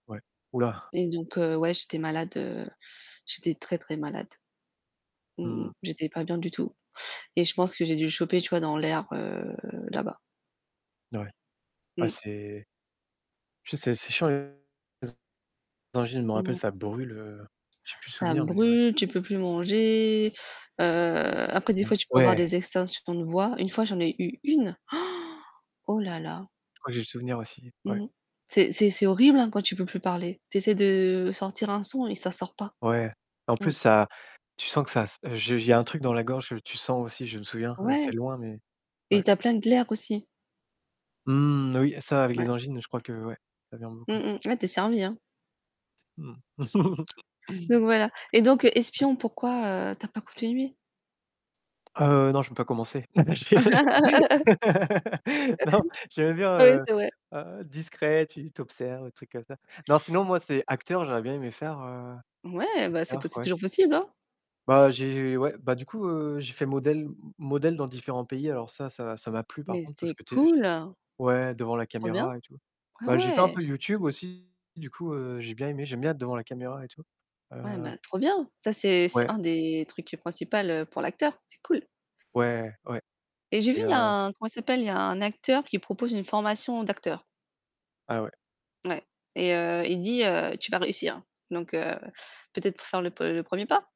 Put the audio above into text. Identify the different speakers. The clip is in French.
Speaker 1: Ouais, ouh là!
Speaker 2: Et donc heu, ouais, j'étais malade, heu, j'étais très, très malade. Mmh mh.
Speaker 1: Mmh.
Speaker 2: J'étais pas bien du tout et je pense que j'ai dû le choper, tu vois, dans l'air, heu, là-bas.
Speaker 1: N ouais. Ouais
Speaker 2: Mmh.
Speaker 1: c'est je sais, c'est chiant les angines, je m'en rappelle,
Speaker 2: Mmh.
Speaker 1: ça brûle, heu, j'ai plus le
Speaker 2: Ça
Speaker 1: souvenir, mais ouais ç
Speaker 2: brûle, tu peux plus manger. Heu, après des
Speaker 1: Mmh,
Speaker 2: fois tu peux avoir
Speaker 1: ouais.
Speaker 2: des extinctions de voix. Une fois, j'en ai eu 1! Oh là là.
Speaker 1: Je crois que j'ai le souvenir aussi, ouais.
Speaker 2: Mmh. C'est c'est c'est horrible, hein, quand tu peux plus parler. Tu essaies de sortir un son et ça sort pas.
Speaker 1: Ouais. En plus
Speaker 2: Mmh.
Speaker 1: ça tu sens que ça s heu, je j il y a un truc dans la gorge, que tu sens aussi, je me souviens,
Speaker 2: Ouais
Speaker 1: c'est loin mais
Speaker 2: et
Speaker 1: ouais.
Speaker 2: tu as plein de glaires, aussi.
Speaker 1: Mmh, oui ça, avec
Speaker 2: Mouais.
Speaker 1: les angines, je crois que, ouais, ça vient
Speaker 2: Mmh
Speaker 1: beaucoup.
Speaker 2: mh. Là, tu es servi, hein.
Speaker 1: Mmh.
Speaker 2: Donc voilà et donc
Speaker 1: Ouais.
Speaker 2: espion, pourquoi, heu, tu as pas continué?
Speaker 1: Heu, non, je peux pas commencer. Je dirais non, j'aimais bien,
Speaker 2: Oui,
Speaker 1: heu
Speaker 2: c'est vrai.
Speaker 1: heu, discret, tu tu observes des trucs comme ça. Non, sinon moi c'est acteur, j'aurais bien aimé faire, heu,
Speaker 2: Ouais, bah, c'est po
Speaker 1: acteur,
Speaker 2: c'est
Speaker 1: ouais.
Speaker 2: toujours possible, hein.
Speaker 1: Bah, j'ai ouais, bah, du coup, heu, j'ai fait modèle m modèle dans différents pays. Alors ça ça ça m'a plu par
Speaker 2: Mais
Speaker 1: contre, parce
Speaker 2: c'est
Speaker 1: que tu es
Speaker 2: cool.
Speaker 1: ouais devant la
Speaker 2: Trop bien.
Speaker 1: caméra et tout.
Speaker 2: Ah
Speaker 1: Bah, j'ai fait un
Speaker 2: ouais.
Speaker 1: peu YouTube aussi, du coup, heu, j'ai bien aimé, j'aime bien être devant la caméra et tout,
Speaker 2: Ouais,
Speaker 1: heu
Speaker 2: bah trop bien. Ça, c'est c'est
Speaker 1: Ouais.
Speaker 2: un des trucs principal, pour l'acteur, c'est cool.
Speaker 1: Ouais, ouais
Speaker 2: Et j'ai vu
Speaker 1: et
Speaker 2: il y a
Speaker 1: heu
Speaker 2: un comment il s'appelle? Il y a un acteur qui propose une formation d'acteur.
Speaker 1: Ah ouais.
Speaker 2: Ouais et heu, il dit, heu: «Tu vas réussir». Donc heu, peut-être pour faire le pre premier pas?